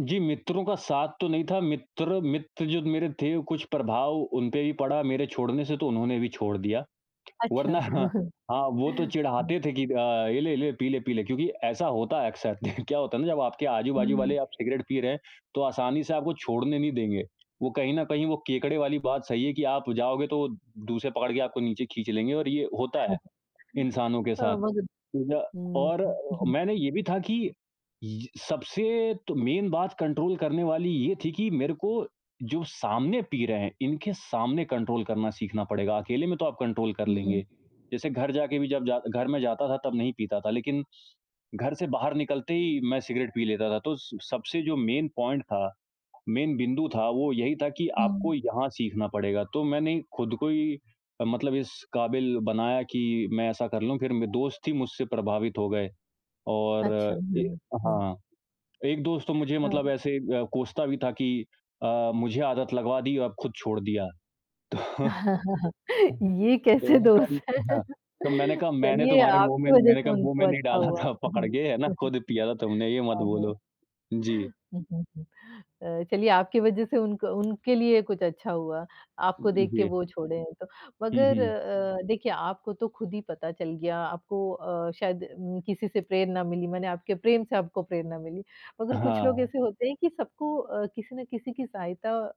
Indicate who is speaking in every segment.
Speaker 1: जी, मित्रों का साथ तो नहीं था। मित्र मित्र जो मेरे थे कुछ प्रभाव उनपे भी पड़ा मेरे छोड़ने से, तो उन्होंने भी छोड़ दिया।
Speaker 2: अच्छा।
Speaker 1: वरना हाँ, वो तो चिढ़ाते थे कि अ, ये ले-ले, पीले-पीले क्योंकि ऐसा होता है अक्सर। क्या होता है ना जब आपके आजू-बाजू
Speaker 2: हुँ।
Speaker 1: वाले आप सिगरेट पी रहे हैं तो आसानी से आपको छोड़ने नहीं देंगे। वो कहीं न कहीं वो केकड़े वाली बात सही है कि आप जाओगे तो वो दूर से पकड़ के आपको नीचे खींच लेंगे और ये होता है इंसानों के साथ। तो ना
Speaker 2: [unintelligible] हुँ।
Speaker 1: और मैंने ये भी था कि ये स सबसे तो मेन बात कंट्रोल करने वाली ये थी कि मेरे को जो सामने पी रहे हैं। इनके सामने कंट्रोल करना सीखना पड़ेगा अकेले में तो आप कंट्रोल कर
Speaker 2: हुँ।
Speaker 1: लेंगे। जैसे घर जाके भी जब जा घर मैं जाता था तब नहीं पीता था लेकिन घर से बाहर निकलते ही मैं सिगरेट पी लेता था। तो स सबसे जो मेन पॉइंट था, मेन बिंदु था वो यही था कि आपको
Speaker 2: हुँ।
Speaker 1: यहाँ सीखना पड़ेगा। तो मैंने खुद को ही मतलब इस काबिल बनाया कि मैं ऐसा कर लूँ फ़िर म दोस्त ही मुझसे प्रभावित हो गए। और
Speaker 2: अच्छा।
Speaker 1: ए
Speaker 2: [unintelligible] हुँ।
Speaker 1: हाँ, एक दोस्त तो मुझे मतलब
Speaker 2: हाँ।
Speaker 1: ऐसे अ, कोसता भी था कि अ, मुझे आदत लगवा दी अब खुद छोड़ दिया। तो तो
Speaker 2: ये कैसे
Speaker 1: मैंने कहा
Speaker 2: दोस्त हैं।
Speaker 1: हाँ, तो मैंने कहा मैंने
Speaker 2: चलिए
Speaker 1: तुम्हारे मुँह में
Speaker 2: आपकी वज़ह
Speaker 1: मैंने
Speaker 2: से
Speaker 1: कहा मुँह में
Speaker 2: उनको
Speaker 1: नहीं
Speaker 2: अच्छा
Speaker 1: डाला
Speaker 2: हुआ।
Speaker 1: था पकड़
Speaker 2: हुँ,
Speaker 1: के है ना, खुद पिया था तुमने ये मत
Speaker 2: हाँ, हाँ।
Speaker 1: बोलो। जी।
Speaker 2: अ, चलिए आपकी वज़ह से उनको उनके लिए कुछ अच्छा हुआ
Speaker 1: उ
Speaker 2: आपको
Speaker 1: उ
Speaker 2: देख के
Speaker 1: जी।
Speaker 2: वो छोड़े हैं तो।
Speaker 1: हुँ,
Speaker 2: मगर
Speaker 1: हुँ।
Speaker 2: अ, देखिये, आपको तो खुद ही पता चल गया आपको अ, शायद किसी से प्रेरणा मिली माने आपके प्रेम से आपको प्रेरणा मिली। मगर कुछ लोग
Speaker 1: हाँ।
Speaker 2: ऐसे होते हैं कि सबको अ, किसी न किसी की सहायता अ,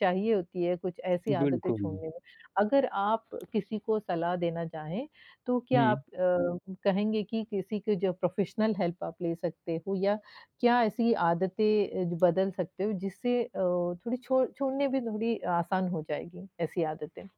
Speaker 2: चाहिए होती है कुछ ऐसी आदतें
Speaker 1: बिल्कुल।
Speaker 2: छोड़ने में। अगर आप किसी को सलाह देना चाहें तो क्या
Speaker 1: हुँ।
Speaker 2: आप अ, कहेंगे कि किसी की जो प्रोफ़ेशनल हेल्प आप ले सकते हो। या क्या ऐसी आदतें अ, बदल सकते हो जिससे अ, थोड़ी छोड़ छोड़ने में थोड़ी आसान हो जाएगी ऐसी आदतें?